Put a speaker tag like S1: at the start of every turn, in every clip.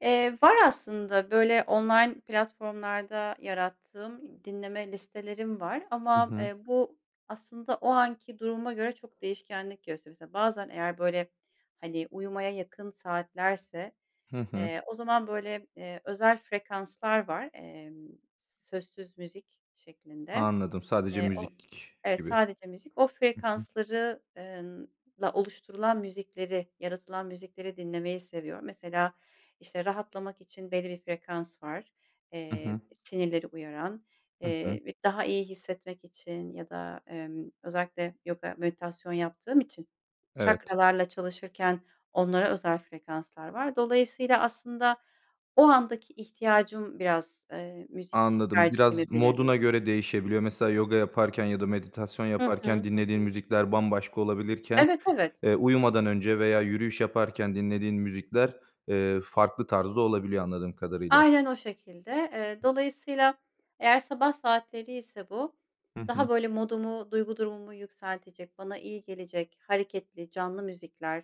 S1: Eee, var aslında, böyle online platformlarda yarattığım dinleme listelerim var,
S2: Hı
S1: ama,
S2: hı.
S1: eee, bu, aslında o anki duruma göre çok değişkenlik gösteriyor, mesela, bazen, eğer, böyle, hani, uyumaya yakın saatlerse,
S2: Hı hı.
S1: eee, o zaman, böyle, eee, özel frekanslar var, emm, sözsüz müzik şeklinde,
S2: Anladım, sadece
S1: eee, o
S2: müzik
S1: Evet,
S2: gibi.
S1: sadece müzik, o
S2: Hı hı.
S1: frekansları eee, ınla oluşturulan müzikleri, yaratılan müzikleri dinlemeyi seviyorum, mesela, işte, rahatlamak için belli bir frekans var,
S2: Hı
S1: eee,
S2: hı.
S1: sinirleri uyaran,
S2: Hı hı.
S1: eee, bi daha iyi hissetmek için, ya da, emm, özellikle yoga, meditasyon yaptığım için
S2: Evet.
S1: çakralarla çalışırken, onlara özel frekanslar var. Dolayısıyla aslında o andaki ihtiyacım biraz, eee, müzik
S2: Anladım.
S1: tercihimi
S2: Biraz moduna
S1: belirliyorum.
S2: göre değişebiliyor. Mesela, yoga yaparken ya da meditasyon
S1: Hı hı,
S2: yaparken
S1: hı
S2: dinlediğin
S1: hı.
S2: müzikler bambaşka olabilirken,
S1: Evet, evet.
S2: eee, uyumadan önce veya yürüyüş yaparken dinlediğin müzikler, eee, farklı tarzda olabiliyor anladığım kadarıyla.
S1: Aynen o şekilde. Eee, dolayısıyla eğer sabah saatleri ise bu,
S2: Hı
S1: daha
S2: hı.
S1: böyle modumu, duygu durumumu yükseltecek, bana iyi gelecek, hareketli, canlı müzikler,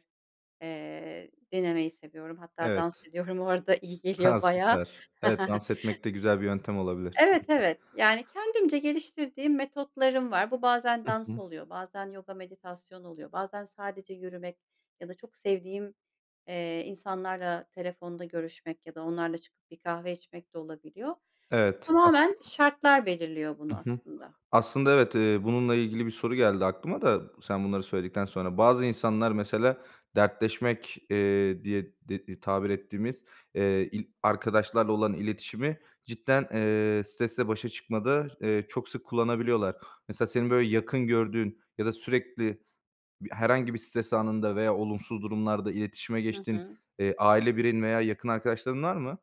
S1: eee, dinlemeyi seviyorum. Hatta dans
S2: Evet.
S1: ediyorum o arada, iyi
S2: Ha,
S1: geliyor bayağı.
S2: süper. Evet, dans etmek de güzel bir yöntem olabilir.
S1: Evet,
S2: [unintelligible]
S1: evet. Yani kendimce geliştirdiğim metotlarım var, bu bazen
S2: Hı
S1: dans
S2: hı.
S1: oluyor, bazen yoga meditasyonu oluyor, bazen sadece yürümek, ya da çok sevdiğim, eee, insanlarla telefonda görüşmek, ya da onlarla çıkıp bir kahve içmek de olabiliyor.
S2: Evet, aslın
S1: Tamamen şartlar belirliyor
S2: Hı
S1: bunu
S2: hı.
S1: aslında.
S2: Aslında, evet, eee, bununla ilgili bir soru geldi aklıma da sen bunları söyledikten sonra. Bazı insanlar, mesela, dertleşmek, eee, diye de tabir ettiğimiz, eee, il arkadaşlarla olan iletişimi cidden, eee, stresle başa çıkmada, eee, çok sık kullanabiliyorlar. Mesela, senin böyle yakın gördüğün, ya da sürekli bi herhangi bir stres anında veya olumsuz durumlarda iletişime
S1: Hı
S2: geçtiğin,
S1: hı.
S2: eee, aile bireyin veya yakın arkadaşların var mı?